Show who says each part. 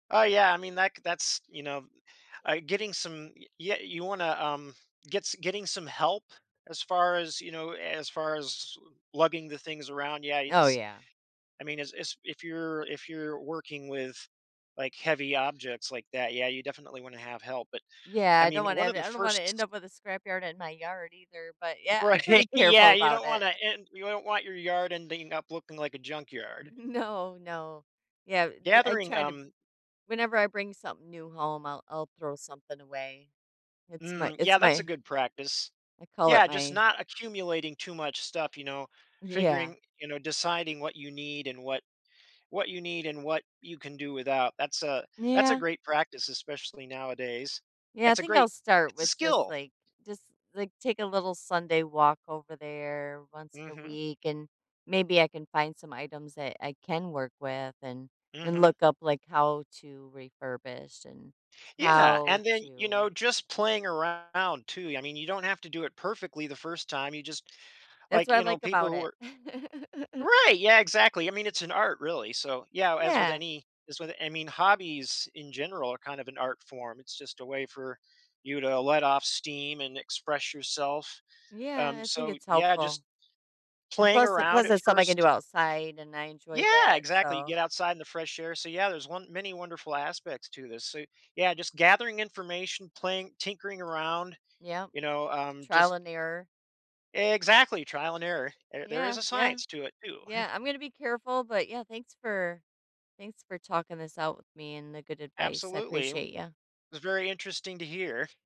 Speaker 1: Oh, yeah. I mean, that g that's, you know, uh, uh, getting some yeah, you wanna, um, get s getting some help as far as, you know, as far as, uh, lugging the things around, yeah,
Speaker 2: Oh,
Speaker 1: it's
Speaker 2: yeah.
Speaker 1: I mean, as as if you're if you're working with, like, heavy objects like that, yeah, you definitely wanna have help. But,
Speaker 2: Yeah,
Speaker 1: I
Speaker 2: I don't
Speaker 1: mean,
Speaker 2: wanna
Speaker 1: one of
Speaker 2: and
Speaker 1: the
Speaker 2: I don't wanna end
Speaker 1: 1st
Speaker 2: up with a scrap yard at my yard either, but, yeah, I'm
Speaker 1: Right,
Speaker 2: pretty careful
Speaker 1: yeah, you
Speaker 2: about
Speaker 1: don't
Speaker 2: it.
Speaker 1: wanna end you don't want your yard ending up looking like a junkyard.
Speaker 2: No, no. Yeah, th I
Speaker 1: Gathering
Speaker 2: try to
Speaker 1: um
Speaker 2: whenever I bring something new home, I'll I'll throw something away. It's my
Speaker 1: Mm, yeah,
Speaker 2: it's
Speaker 1: that's a
Speaker 2: my
Speaker 1: good practice.
Speaker 2: I call it
Speaker 1: Yeah, just
Speaker 2: my
Speaker 1: not accumulating too much stuff, you know,
Speaker 2: Yeah.
Speaker 1: figuring you know, deciding what you need and what what you need and what you can do without. That's a that's a
Speaker 2: Yeah.
Speaker 1: great practice, especially nowadays.
Speaker 2: Yeah, I
Speaker 1: That's a
Speaker 2: think I'll
Speaker 1: great
Speaker 2: start
Speaker 1: it's a
Speaker 2: with just,
Speaker 1: skill.
Speaker 2: like just, like, take a little Sunday walk over there once in a
Speaker 1: Mhm.
Speaker 2: week, and maybe I can find some items that I can work with and and
Speaker 1: Mhm.
Speaker 2: look up, like, how to refurbish and
Speaker 1: Yeah,
Speaker 2: how
Speaker 1: and then, you know,
Speaker 2: to
Speaker 1: just playing around too. I mean, you don't have to do it perfectly the 1st time you just
Speaker 2: That's
Speaker 1: like,
Speaker 2: what I
Speaker 1: you know,
Speaker 2: like
Speaker 1: people
Speaker 2: about
Speaker 1: who
Speaker 2: it.
Speaker 1: are Right, yeah, exactly. I mean, it's an art really. So, yeah, as with
Speaker 2: Yeah.
Speaker 1: any as with I mean, hobbies in general are kind of an art form, it's just a way for you to let off steam and express yourself.
Speaker 2: Yeah,
Speaker 1: Um,
Speaker 2: I think
Speaker 1: so,
Speaker 2: it's
Speaker 1: yeah,
Speaker 2: helpful.
Speaker 1: just
Speaker 2: And
Speaker 1: playing
Speaker 2: plus
Speaker 1: around
Speaker 2: plus
Speaker 1: at
Speaker 2: there's something I can do
Speaker 1: first.
Speaker 2: outside, and I enjoy
Speaker 1: Yeah,
Speaker 2: that.
Speaker 1: exactly. You
Speaker 2: So
Speaker 1: get outside in the fresh air. So, yeah, there's won many wonderful aspects to this. So, yeah, just gathering information, playing, tinkering around,
Speaker 2: Yep.
Speaker 1: you know, um,
Speaker 2: Trial
Speaker 1: just
Speaker 2: and error.
Speaker 1: Exactly, trial and error. There there is
Speaker 2: Yeah,
Speaker 1: a
Speaker 2: yeah.
Speaker 1: science to it too.
Speaker 2: Yeah, I'm gonna be careful, but, yeah, thanks for thanks for talking this out with me and the good advicem I
Speaker 1: Absolutely, i
Speaker 2: appreciate ya.
Speaker 1: it was very interesting to hear.